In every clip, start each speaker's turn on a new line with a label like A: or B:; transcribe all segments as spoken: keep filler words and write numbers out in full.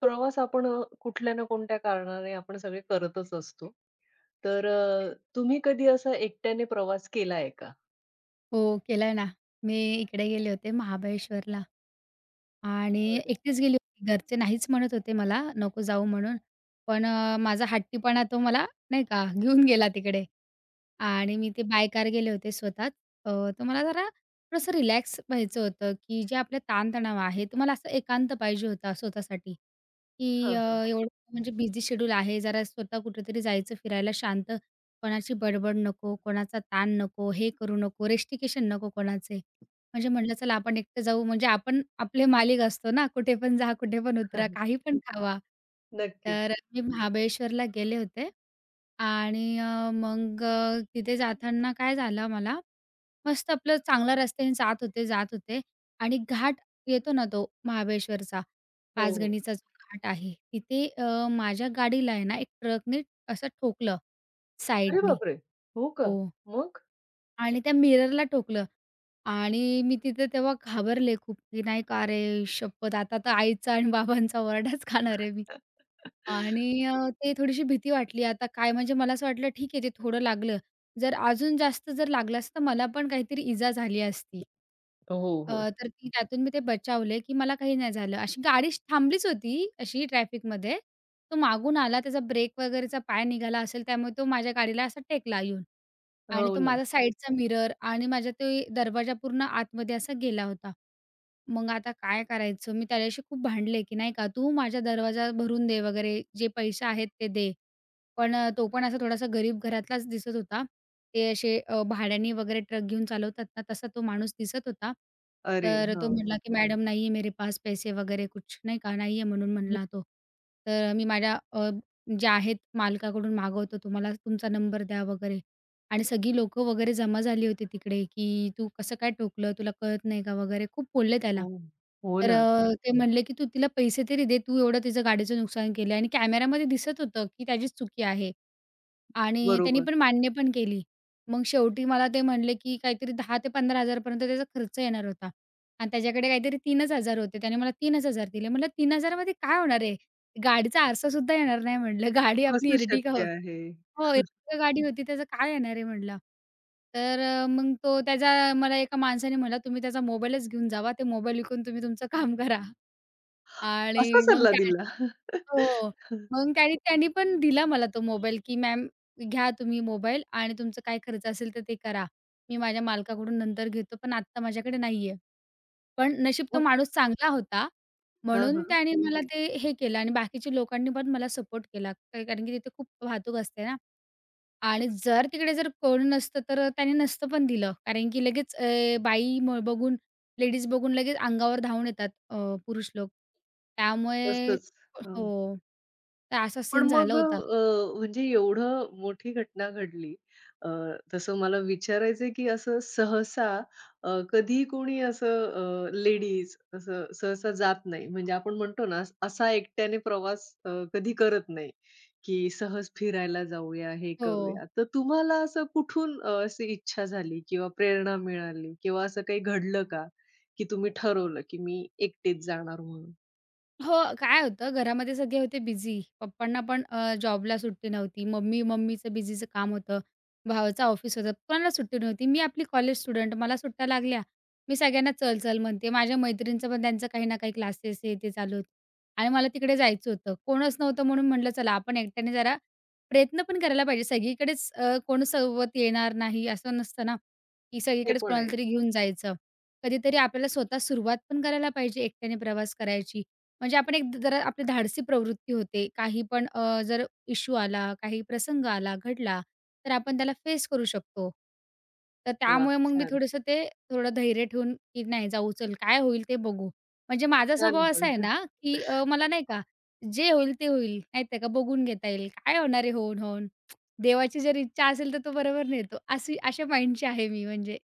A: प्रवास आपण अ, कुठल्या ना कोणत्या कारणाने आपण सगळे करतच असतो. तर अ, तुम्ही कधी असा एकट्याने प्रवास केलाय का?
B: हो, केलाय ना. मी इकडे गेले होते महाबळेश्वरला आणि
A: बरं.
B: एकटीच गेली होती. घरचे नाहीच म्हणत होते मला, नको जाऊ म्हणून. पण अ, माझा हट्टीपणा तो मला नाही का घेऊन गेला तिकडे. आणि मी ते बाय कार गेले होते स्वतः. अ, तर मला जरा थोडंसं रिलॅक्स व्हायचं होतं, की जे आपले ताणतणाव आहे. तर मला असं एकांत पाहिजे होता स्वतःसाठी, की
A: हां,
B: अ,
A: हां.
B: एवढं म्हणजे बिझी शेड्यूल आहे. जरा स्वतः कुठेतरी जायचं फिरायला. शांत, कोणाची बडबड नको, कोणाचा ताण नको, हे करू नको, रेस्टिकेशन नको कोणाचे म्हणजे म्हटलं, चला आपण एकटं जाऊ. म्हणजे आपण आपले मालिक असतो ना. कुठेपण जा, कुठेपण उतरा, काहीपण खावा.
A: नक्कीच.
B: तर मी महाबळेश्वरला गेले होते आणि मग अ, तिथे जाताना काय झालं मला. मस्त आपलं चांगल्या रस्त्याने जात होते, जात होते आणि घाट येतो ना तो महाबळेश्वरचा.
A: हो, हो.
B: पाचगणीचा जो घाट आहे. तिथे अ, माझ्या गाडीला आहे ना, एक ट्रकने असं ठोकलं
A: अरे
B: साईडनी.
A: बापरे! हो का?
B: हो.
A: मग?
B: आणि त्या मिररला ठोकलं आणि मी तिथं तेव्हा घाबरले खूप की नाही का, अरे शप्पथ! आता तर आईचा आणि बाबांचा वरडाच खाणार आहे मी आणि अ, ते थोडीशी भीती वाटली आता काय? म्हणजे मला असं वाटलं, ठीक आहे जे थोडं लागलं जर अजून जास्त जर लागलं असतं तर मला पण काहीतरी इजा झाली असती.
A: हो,
B: अ,
A: हो.
B: तर ती त्यातून मी ते बचावले की मला काही नाही झालं. अशी गाडीश थांबलीच होती अशी ट्रॅफिकमध्ये, तो मागून आला, त्याचा ब्रेक वगैरेचा पाय निघाला असेल त्यामुळे तो माझ्या गाडीला असा टेकला येऊन आणि
A: हो
B: तो
A: ना.
B: माझा साईडचा मिरर आणि माझा ते दरवाजा पूर्ण आतमध्ये असा गेला होता. मग आता काय करायचं? मी त्याच्याशी खूप भांडले की नाही का, "तू माझा दरवाजा भरून दे वगैरे. जे पैसे आहेत ते दे." पण, तो पण असा थोडासा गरीब घरातलाच दिसत होता. ते असे भाड्याने वगैरे ट्रक घेऊन चालवतात ना, तसा तो माणूस दिसत होता.
A: अरे!
B: तर तो
A: हां.
B: म्हणला की "मॅडम नही है मेरे पास पैसे वगैरे कुछ." नाही का, "नाही आहे" म्हणून
A: हं.
B: म्हणला तो. तर "मी माझ्या अ, जे आहेत मालकाकडून मागवतो, तुम्हाला, तुमचा नंबर द्या" वगैरे. आणि सगळी लोकं वगैरे जमा झाली होती तिकडे की "तू कसं काय ठोकलं? तुला कळत नाही का?" वगैरे खूप बोलले त्याला.
A: हो, हो
B: तर
A: ना.
B: अ, ते म्हणले की, "तू तिला पैसे तरी दे. तू एवढं तिचं गाडीचं नुकसान केलं." आणि कॅमेऱ्यामध्ये दिसत होतं की त्याचीच चुकी आहे आणि त्यांनी
A: बरोबर.
B: पण मान्य पण केली. मग शेवटी मला ते म्हणले की काहीतरी दहा पंधरा हजारापर्यंत त्याचा खर्च येणार होता आणि त्याच्याकडे काहीतरी तीनच हजार होते. त्याने मला तीनच हजार दिले. म्हटलं तीनच हजारामध्ये काय होणार आहे? गाडीचा आरसासुद्धा येणार नाही म्हटलं. गाडी आपली
A: कसं
B: एर्टिगा हो
A: शक्य आहे?
B: हो, एका गाडी होती त्याचं काय येणार आहे म्हटलं. तर मग तो त्याचा मला एका माणसाने म्हटलं, "तुम्ही त्याचा मोबाईलच घेऊन जावा. ते मोबाईल विकून तुम्ही तुमचं काम करा
A: असा
B: आणि मग
A: सल्ला
B: त्या
A: दिला?
B: हो, मग काय त्यांनी पण दिला मला तो मोबाईल की, "मॅम घ्या तुम्ही मोबाईल आणि तुमचं काय खर्च असेल तर ते करा. मी माझ्या मालकाकडून नंतर घेतो पण आत्ता माझ्याकडे नाही आहे." पण नशीब तो माणूस चांगला होता,
A: हं,
B: म्हणून
A: हं.
B: त्याने मला ते हे केलं आणि बाकीच्या लोकांनी पण मला सपोर्ट केला कारण की तिथे खूप वाहतूक असते ना आणि जर तिकडे जर कोण नसतं तर त्याने नसतं पण दिलं. कारण की लगेच अ, बाई म बघून लेडीज बघून लगेच अंगावर धावून येतात अ, पुरुष लोक. त्यामुळे
A: तसच, हं.
B: हो, तर असा
A: पण
B: सीन झाला
A: मग अ,
B: होता.
A: अ, म्हणजे एवढं मोठी घटना घडली. अ, तसं मला विचारायचंय की असं सहसा अ, कधी कोणी असं अ, लेडीज असं सहसा जात नाही. म्हणजे आपण म्हणतो ना, असा एकट्याने प्रवास अ, कधी करत नाही की सहज फिरायला जाऊया, हे
B: हो.
A: करूया. तर तुम्हाला असं कुठून अ, असं इच्छा झाली? किंवा प्रेरणा मिळाली किंवा असं काही घडलं का? की तुम्ही ठरवलं की मी एकटीच जाणार म्हणून?
B: हो काय होतं, घरामध्ये सगळे होते बिझी. पप्पांना पण अ, जॉबला सुट्टी नव्हती, मम्मी मम्मीचं बिझीचं काम होतं, भावाचं ऑफिस होतं, कोणाला सुट्टी नव्हती. मी आपली कॉलेज स्टुडंट. मला सुट्ट्या लागल्या, मी सगळ्यांना चल-चल म्हणतेय, माझ्या मैत्रिणींचं पण त्यांचं काही ना काही क्लासेस हे ते चालू होतं. आणि मला तिकडे जायचं होतं, कोणच नव्हतं म्हणून म्हटलं चला आपण एकट्याने जरा प्रयत्न पण करायला पाहिजे. सगळीकडेच अ, कोण सोबत येणार नाही, असं नसतं ना? की
A: ते
B: सगळीकडेच
A: पण आहे.
B: कोणालातरी घेऊन जायचं. कधीतरी आपल्याला स्वतः सुरुवात पण करायला पाहिजे, एकट्याने प्रवास करायची. म्हणजे आपण एक जरा आपली धाडसी प्रवृत्ती होते, काही पण अ, जर इश्यु आला, काही प्रसंग आला, घडला, तर आपण त्याला फेस करू शकतो. तर
A: वाह!
B: त्यामुळे मग मी
A: छान.
B: थोडंसं ते थोडं धैर्य ठेवून की, "नाही जाऊ चल, काय होईल ते बघू." म्हणजे माझा स्वभाव
A: छान
B: असा
A: पण.
B: आहे ना की अ, मला नाही का जे होईल ते होईल, माहीत आहे का बघून घेता येईल, काय होणार आहे होऊन-होऊन? देवाची जर इच्छा असेल, तर तो बरोबर नेतो अशी अशा माईंडची आहे मी म्हणजे.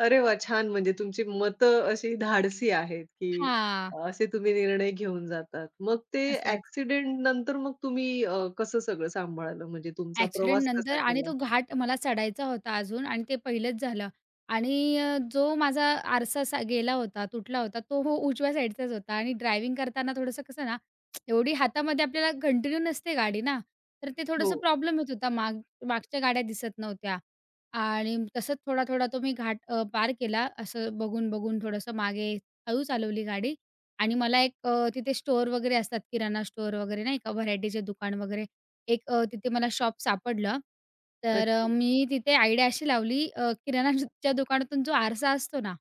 A: अरे वाह! छान म्हणजे तुमची मतं अशी धाडसी आहेत, की
B: हां.
A: असे तुम्ही निर्णय घेऊन जातात. मग ते
B: असंच.
A: ॲक्सिडेंट नंतर मग तुम्ही अ, कसं सगळं सांभाळलं? म्हणजे तुमचा प्रवास कसा
B: ॲक्सिडेंटनंतर आणि तो
A: केला?
B: घाट मला चढायचा होता अजून आणि ते पहिलंच झालं आणि अ, जो माझा आरसा असा गेला होता, तुटला होता, तो हो उजव्या साईडचाच होता आणि ड्रायव्हिंग करताना थोडंसं कसं ना, एवढी हातामध्ये आपल्याला कंटिन्यू नसते गाडी ना? तर ते
A: हो.
B: थोडंसं प्रॉब्लेम येत होता माग मागच्या गाड्या दिसत नव्हत्या आणि तसंच थोडा-थोडा तो मी घाट अ, पार केला. असं बघून-बघून थोडंसं मागे, हळू चालवली गाडी आणि मला एक अ, तिथे स्टोअर वगैरे असतात किराणा स्टोअर वगैरे नाही का? व्हरायटीचे दुकान वगैरे. एक अ, तिथे मला शॉप सापडलं. तर अ,
A: अच्छा.
B: मी तिथे आयडिया अशी लावली अ, किराणाच्या दुकानातून जो आरसा असतो ना?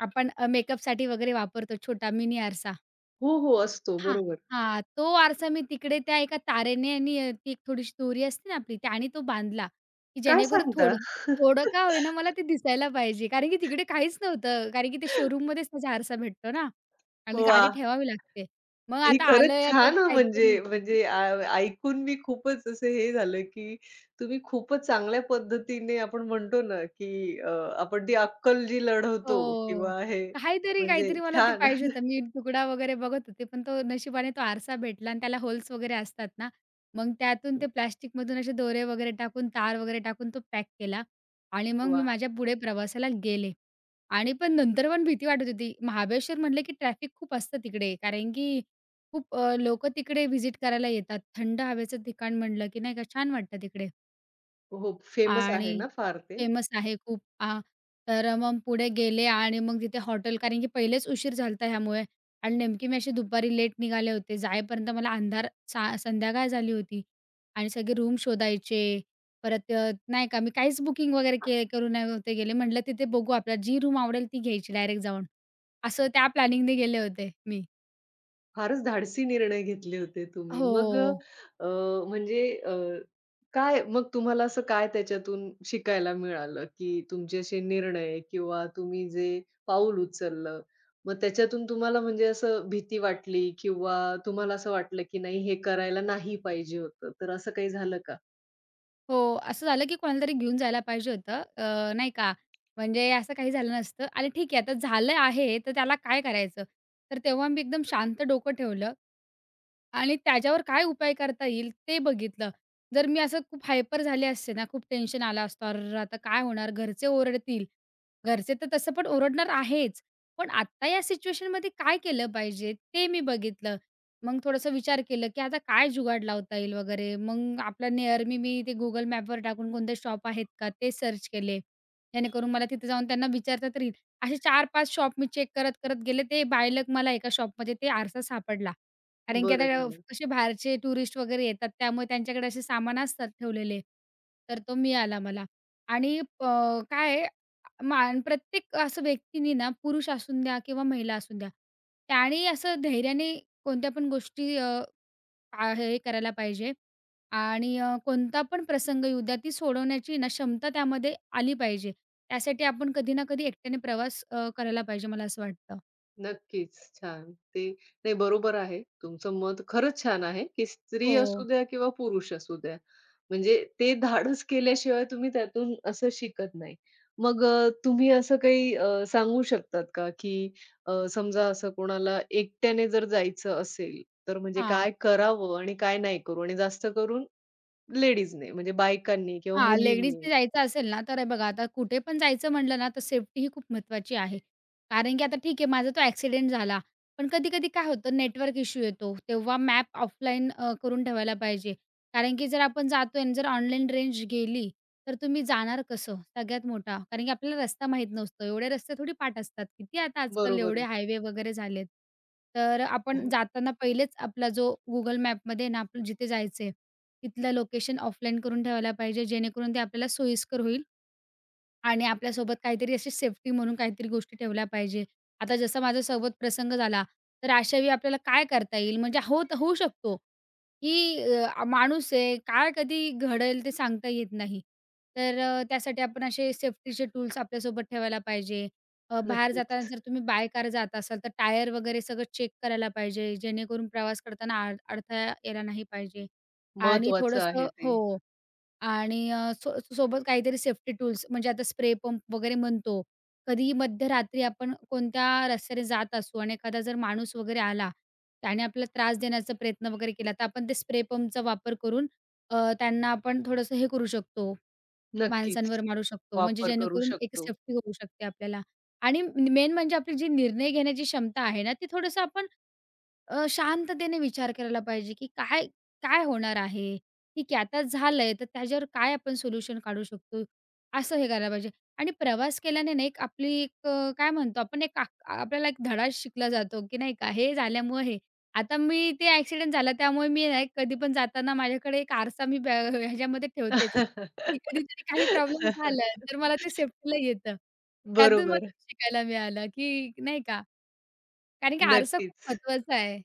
B: आपण मेकअपसाठी वगैरे वापरतो छोटा मिनी आरसा
A: हो, हो. असतो
B: हां,
A: बरोबर.
B: हां. तो आरसा मी तिकडे त्या एका तारेने आणि ती एक थोडीशी दोरी असते ना आपली, त्यानी तो बांधला, की
A: काय
B: जेणेकरून थोडं
A: सांगता?
B: थोडं का होईना मला ते दिसायला पाहिजे, कारण की तिकडे काहीच नव्हतं. कारण की ते शोरूममध्येच तसा आरसा भेटतो ना आणि गाडी
A: वाह!
B: ठेवावी लागते. मग
A: ते ही
B: आता
A: खरंच
B: आलं आहे आता
A: छान हां, म्हणजे
B: काहीतरी
A: म्हणजे अ, ऐकून मी खूपच असं हे झालं, की तुम्ही खूपच चांगल्या पद्धतीने आपण म्हणतो ना की अ, आपण ती अक्कल जी लढवतो
B: हो
A: किंवा हे
B: काहीतरी,
A: म्हणजे
B: काहीतरी मला ते
A: छान.
B: पाहिजे होतं. मी तुकडा वगैरे बघत होते, पण तो नशिबाने तो आरसा भेटला आणि त्याला होल्स वगैरे असतात ना, मग त्यातून ते प्लॅस्टिकमधून असे दोरे वगैरे टाकून, तार वगैरे टाकून तो पॅक केला आणि मग मी
A: वाह!
B: माझ्या पुढे प्रवासाला गेले. आणि पण नंतर पण भीती वाटत होती, महाबळेश्वर म्हणले, की ट्रॅफिक खूप असतं तिकडे, कारण की खूप अ, लोकं तिकडे व्हिजिट करायला येतात, थंड हवेचं ठिकाण म्हटलं की नाही का छान वाटतं तिकडे.
A: हो, हो, फेमस आहे
B: आणि
A: ना फार ते?
B: फेमस आहे खूप अ, तर अ, मग पुढे गेले आणि मग तिथे हॉटेल कारण की पहिलेच उशीर झालता ह्या ह्यामुळे आणि नेमकी मी अशी दुपारी लेट निघाले होते. जाईपर्यंत मला अंधार सा संध्याकाळ झाली होती आणि सगळे रूम शोधायचे. परत अ, नाही का मी काहीच बुकिंग वगैरे के करून नव्हते गेले, म्हटलं तिथे बघू आपल्याला जी रूम आवडेल ती घ्यायची डायरेक्ट जाऊन. असं त्या प्लॅनिंगने गेले होते मी.
A: फारच धाडसी निर्णय घेतले होते तुम्ही, मग अ,
B: हो.
A: अ, म्हणजे अ, काय मग तुम्हाला असं काय त्याच्यातून शिकायला मिळालं की तुमचे असे निर्णय किंवा तुम्ही जे पाऊल उचललं, मग त्याच्यातून तुम्हाला म्हणजे असं भीती वाटली किंवा तुम्हाला असं वाटलं की नाही हे करायला नाही पाहिजे होतं, तर असं काही झालं का?
B: हो, असं झालं की कोणालातरी घेऊन जायला पाहिजे होतं अ, नाही का, म्हणजे असं काही झालं नसतं आणि ठीक आहे आता झालं आहे तर त्याला काय करायचं? तर तेव्हा मी एकदम शांत डोकं ठेवलं आणि त्याच्यावर काय उपाय करता येईल ते बघितलं. जर मी असं खूप हायपर झाले असते ना, खूप टेन्शन आलं असतं, "अर्रर्र! आता काय होणार. घरचे ओरडतील." घरचे तर तसं पण ओरडणार आहेच, पण आत्ता या सिच्युएशनमध्ये काय केलं पाहिजे ते मी बघितलं. मग थोडंसं विचार केलं की आता काय जुगाड लावता येईल वगैरे मग आपला निअर मी, मी ते Google Maps टाकून कोणते शॉप आहेत का ते सर्च केले, जेणेकरून मला तिथं जाऊन त्यांना विचारता तरी येईल. असे चार-पाच शॉप मी चेक करत-करत गेले. ते बाय लक मला एका शॉपमध्ये ते आरसा सापडला, कारण की आता
A: बरं
B: अव
A: झालं.
B: कसे बाहेरचे टुरिस्ट वगैरे येतात त्यामुळे त्यांच्याकडे असे सामान असतात ठेवलेले. तर तो मिळाला मला आणि प काय आहे मा प्रत्येक असं व्यक्तींनी ना, पुरुष असूद्या किंवा महिला असूद्या, त्याने असं धैर्याने कोणत्या पण गोष्टी अ, आ हे, हे करायला पाहिजे आणि अ, कोणता पण प्रसंग येऊद्या ती सोडवण्याची ना क्षमता त्यामध्ये आली पाहिजे. त्यासाठी आपण कधी ना कधी एकट्याने प्रवास अ, करायला पाहिजे मला असं वाटतं.
A: नक्कीच. छान. ते ते बरोबर आहे तुमचं मत खरंच छान आहे, की स्त्री असू
B: हो.
A: द्या किंवा पुरुष असू द्या. म्हणजे ते धाडस केल्याशिवाय तुम्ही त्यातून असं शिकत नाही. मग अ, तुम्ही असं अ, काही सांगू शकतात का, की अ, समजा असं कोणाला एकट्याने जर जायचं असेल, तर म्हणजे
B: हां.
A: काय करावं आणि काय नाही करू? आणि जास्त करून लेडीजने म्हणजे बायकांनी किंवा
B: हां,
A: मुलींनी.
B: लेडीजने जायचं असेल ना, तर हे बघा, आता कुठे पण जायचं म्हटलं ना, तर सेफ्टीही खूप महत्त्वाची आहे. कारण की आता ठीक आहे माझा तो एक्सिडेंट झाला, पण कधी-कधी काय होतं, नेटवर्क इश्यू येतो, तेव्हा मॅप ऑफलाईन अ, करून ठेवायला पाहिजे. कारण की जर आपण जातो आणि जर ऑनलाईन रेंज गेली तर, तुम्ही जाणार कसं? सगळ्यात मोठा. कारण की आपल्याला रस्ता माहीत नसतो, एवढे रस्ते थोडी पाठ असतात, किती आता आजकाल
A: बरोबर
B: एवढे
A: आहे.
B: हायवे वगैरे झालेत. तर अ, आपण
A: हो.
B: जाताना पहिलेच, आपला जो Google Mapमध्ये आहे ना, आपलं जिथे जायचं आहे तिथलं लोकेशन ऑफलाईन करून ठेवायला पाहिजे, जेणेकरून ते आपल्याला सोयीस्कर होईल. आणि आपल्यासोबत काहीतरी अशी सेफ्टी म्हणून काहीतरी गोष्टी ठेवल्या पाहिजे. आता जसं माझ्यासोबत प्रसंग झाला, तर अशावेळी आपल्याला काय करता येईल, म्हणजे होत होऊ शकतो, की अ, माणूस आहे काय कधी घडेल, ते सांगता येत नाही. तर अ, त्यासाठी आपण असे सेफ्टीचे टूल्स आपल्यासोबत ठेवायला पाहिजे. अ, बाहेर जाताना
A: नक्कीच.
B: जर तुम्ही बाय कार जात असाल तर, टायर वगैरे सगळं चेक करायला पाहिजे, जेणेकरून प्रवास करताना अड अडथळा यायला नाही पाहिजे. आणि
A: महत्वाचं
B: थोडंसं
A: आहे ते.
B: हो. आणि अ, सो सोबत काहीतरी सेफ्टी टूल्स म्हणजे आता स्प्रे पंप वगैरे म्हणतो. कधीही मध्यरात्री आपण कोणत्या रस्त्याने जात असू आणि एखादा जर माणूस वगैरे आला. त्याने आपला त्रास देण्याचा प्रयत्न वगैरे केला तर, आपण ते स्प्रे पंपचा वापर करून अ, त्यांना आपण थोडंसं हे करू शकतो,
A: नक्कीच.
B: माणसांवर मारू शकतो. म्हणजे
A: वापर करू
B: जेणेकरून एक
A: शकतो.
B: सेफ्टी करू शकते आपल्याला. आणि म मेन म्हणजे आपली जी निर्णय घेण्याची क्षमता आहे ना, ती थोडंसं आपण अ, शांततेने विचार करायला पाहिजे, की काय, काय होणार आहे. ठीक आहे, आता झालंय तर, त्याच्यावर काय आपण सोल्युशन काढू शकतो, असं हे करायला पाहिजे. आणि प्रवास केल्याने ना, एक आपली एक अ, काय म्हणतो आपण एक आ आपल्याला एक धडा शिकला जातो, की नाही का? हे झाल्यामुळं हे. आता मी ते एक्सिडेंट झालं त्यामुळे मी ना एक कधी पण जाताना माझ्याकडे एक आरसा मी ब ह ह्याच्यामध्ये ठेवतेच, की कधीतरी काही प्रॉब्लेम झाला, तर मला ते सेफ्टीला येतं. त्यातून मला
A: बरोबर.
B: शिकायला मिळालं की नाही का, कारण की आरसा खूप
A: नक्कीच.
B: महत्त्वाचा आहे,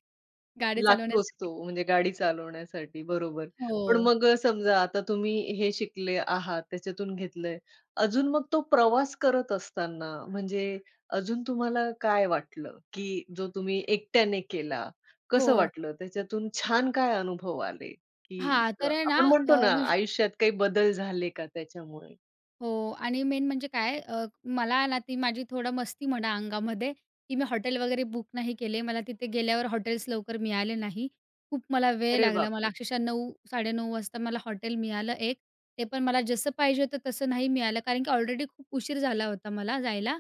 B: गाडी
A: लागतोच तो
B: चालवण्यासाठी.
A: म्हणजे गाडी चालवण्यासाठी, बरोबर. पण
B: हो.
A: मग समजा आता तुम्ही हे शिकले आहात, त्याच्यातून घेतलंय. अजून मग तो प्रवास करत असताना म्हणजे अजून तुम्हाला काय वाटलं? की जो तुम्ही एकट्याने केला, कसं
B: हो.
A: वाटलं? त्याच्यातून छान काय अनुभव आले, की
B: हां.
A: अ,
B: तर आहे ना
A: आपण
B: अ,
A: म्हणतो ना,
B: विश
A: आयुष्यात काही बदल झाले का त्याच्यामुळे?
B: हो. आणि मेन म्हणजे काय अ, मला ना ती माझी थोडं मस्ती म्हणा अंगामध्ये, की मी हॉटेल वगैरे बुक नाही केले. मला तिथे गेल्यावर हॉटेल्स लवकर मिळाले नाही, खूप मला वेळ
A: अरे
B: लागला मला
A: बापरे!
B: अक्षरशः नऊ साडेनऊ वाजता मला हॉटेल मिळालं एक, ते पण मला जसं पाहिजे होतं तसं नाही मिळालं. कारण की ऑलरेडी खूप उशीर झाला होता, मला जायला.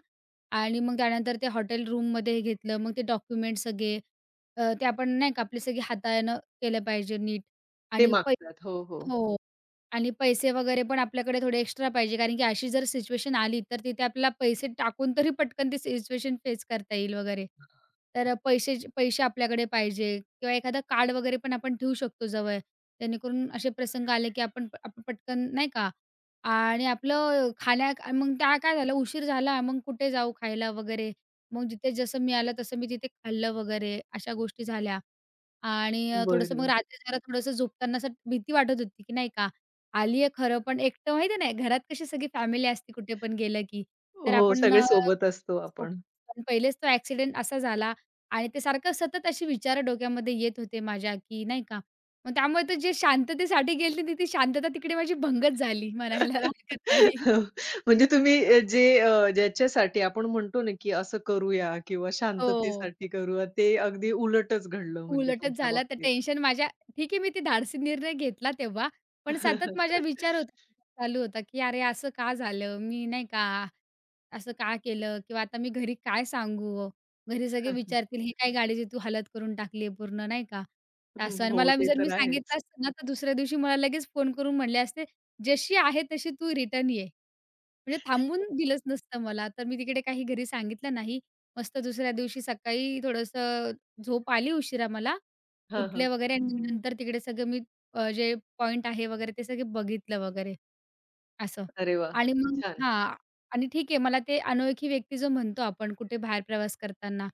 B: आणि मग त्यानंतर ते हॉटेल रूममध्ये हे घेतलं. मग ते डॉक्युमेंट्स सगळे अ, ते आपण नाही का? आपले सगळे हाताळणं केलं पाहिजे नीट
A: ते
B: आणि पै
A: मागतात. हो, हो.
B: हो आणि पैसे वगैरे पण आपल्याकडे थोडे एक्स्ट्रा पाहिजे. कारण की अशी जर सिच्युएशन आली, तर तिथे आपल्याला पैसे टाकून तरी पटकन ती सिच्युएशन फेस करता येईल वगैरे. तर पैसे पैसे आपल्याकडे पाहिजे किंवा एखादा कार्ड वगैरे पण आपण ठेवू शकतो जवळ. जेणेकरून असे प्रसंग आले, की आपण आप पटकन नाही का? आणि आपलं खाण्या मग त्या काय झालं उशीर झाला मग कुठे जाऊ खायला वगैरे? मग जिथे जसं मी आलं तसं मी तिथे खाल्लं वगैरे अशा गोष्टी झाल्या आणि अ, थोडंसं मग
A: बरं.
B: रात्री जरा थोडंसं झोपताना असं भीती वाटत होती, की नाही का? आली आहे खरं पण एकटं, माहिती आहे नाही घरात कशी सगळी फॅमिली असते कुठे पण गेलं, की तर
A: हो.
B: आपण
A: सगळे
B: अ,
A: सोबत असतो आपण.
B: [unintelligible] पहिलेच तो एक्सिडेंट असा झाला. आणि ते सारखं सतत अशी विचार डोक्यामध्ये येत होते, माझ्या, की नाही का? मग त्यामुळे ते जे शांततेसाठी गेली. ती शांतता तिकडे माझी भंगच झाली. म्हणायला हरकत नाही.
A: म्हणजे तुम्ही
B: [unintelligible]
A: जे ज्याच्यासाठी आपण म्हणतो ना, की असं करूया किंवा
B: हो.
A: शांततेसाठी करूया. ते अगदी उलटच घडलं म्हणजे
B: उलटच
A: तुमच्या
B: झालं, तर
A: बाबतीत.
B: टेन्शन माझ्या ठीक आहे मी ते धाडसी निर्णय घेतला तेव्हा. पण सतत माझा विचार होता चालू होता, की "अरे! असं का झालं?" मी नाही का? "असं का केलं? किंवा आता मी घरी काय सांगू ओ? घरी सगळे विचारतील, ही काय गाडीची तू हालत करून टाकली आहे पूर्ण?" नाही का?
A: हं.
B: असं आणि
A: हो.
B: मला
A: ते
B: जर मी
A: तर आहेच.
B: सांगितलं असतं ना, तर दुसऱ्या दिवशी मला लगेच फोन करून म्हटले असते, "जशी आहे तशी तू रिटर्न ये." म्हणजे थांबून
A: [unintelligible]
B: दिलंच नसतं मला. तर मी तिकडे काही घरी सांगितलं नाही. मस्त दुसऱ्या दिवशी सकाळी थोडंसं झोप आली उशिरा मला.
A: हं,
B: उठले
A: हं.
B: वगैरे आणि नंतर तिकडे सगळं मी, जे पॉइंट आहे वगैरे ते सगळे बघितलं वगैरे, असं.
A: अरे वाह!
B: आणि मग
A: छान.
B: हां. आणि ठीक आहे मला ते अनोळखी व्यक्ती जो म्हणतो आपण कुठे बाहेर प्रवास करताना,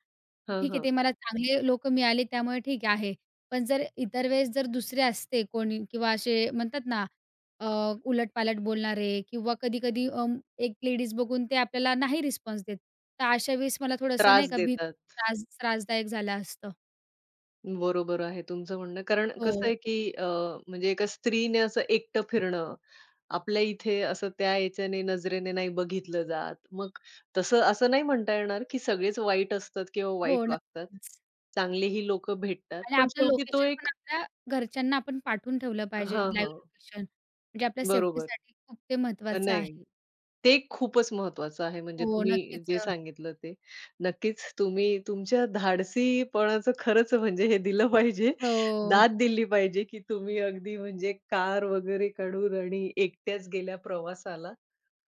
A: हं,
B: ठीक आहे
A: हं.
B: ते मला चांगले लोक मिळाले त्यामुळे ठीक आहे. पण जर इतर वेळेस जर दुसरे असते कोणी किंवा असे म्हणतात ना अ, उलटपालट बोलणारे किंवा कधी-कधी अ, एक लेडीज बघून ते आपल्याला नाही रिस्पॉन्स देत. तर अशा वेळेस मला थोडंसं नाही
A: त्रास
B: का, भीत
A: देतात.
B: त्रास त्रासदायक झालं असतं.
A: बरोबर आहे तुमचं म्हणणं, कारण कसं
B: हो.
A: आहे की अ, म्हणजे एका स्त्रीने असं एकटं फिरणं, आपल्या इथे असं त्या याच्याने नजरेने नाही बघितलं जात. मग तसं असं नाही म्हणता येणार की सगळेच वाईट असतात किंवा
B: हो
A: वाईट वागतात.
B: नक्कीच.
A: चांगलेही लोकं भेटतात
B: आणि
A: पण
B: आपलं
A: शेवटी तो
B: लोकेशन पण
A: एक
B: आपल्या घरच्यांना आपण पाठवून ठेवलं पाहिजे.
A: हां,
B: लाईव्ह
A: हां.
B: लोकेशन म्हणजे आपल्या
A: बरोबर
B: सेफ्टीसाठी खूप ते महत्त्वाचं
A: नाही,
B: आहे.
A: ते खूपच महत्वाचं आहे. म्हणजे
B: हो,
A: तुम्ही
B: नक्कीच
A: जे
B: अ.
A: सांगितलं ते, नक्कीच. तुम्ही तुमच्या धाडसीपणाचं खरंच म्हणजे हे दिलं पाहिजे.
B: हो.
A: दाद दिली पाहिजे, की तुम्ही अगदी म्हणजे कार वगैरे काढून आणि एकट्याच गेल्या प्रवासाला.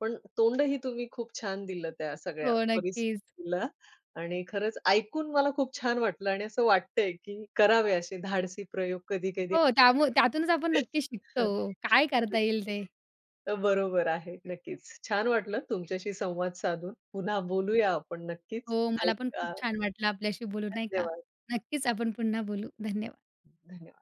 A: पण तोंडही तुम्ही खूप छान दिलं त्या सगळ्या
B: हो, नक्कीच.
A: परिस्थितीला आणि खरंच ऐकून मला खूप छान वाटलं आणि असं वाटतंय की करावे असे धाडसी प्रयोग कधी-कधी
B: हो, त्यामुळे
A: आयुष्यात.
B: त्यातूनच आपण नक्की
A: [unintelligible]
B: शिकतो
A: हां,
B: हो, काय करता
A: नक्कीच.
B: येईल ते?
A: तर बरोबर आहे, नक्कीच. छान वाटलं तुमच्याशी संवाद साधून, पुन्हा बोलूया आपण नक्कीच,
B: हो, मला पण खूप
A: ऐका
B: छान वाटलं आपल्याशी बोलू नाही का.
A: धन्यवाद.
B: नक्कीच आपण पुन्हा बोलू, धन्यवाद.
A: धन्यवाद.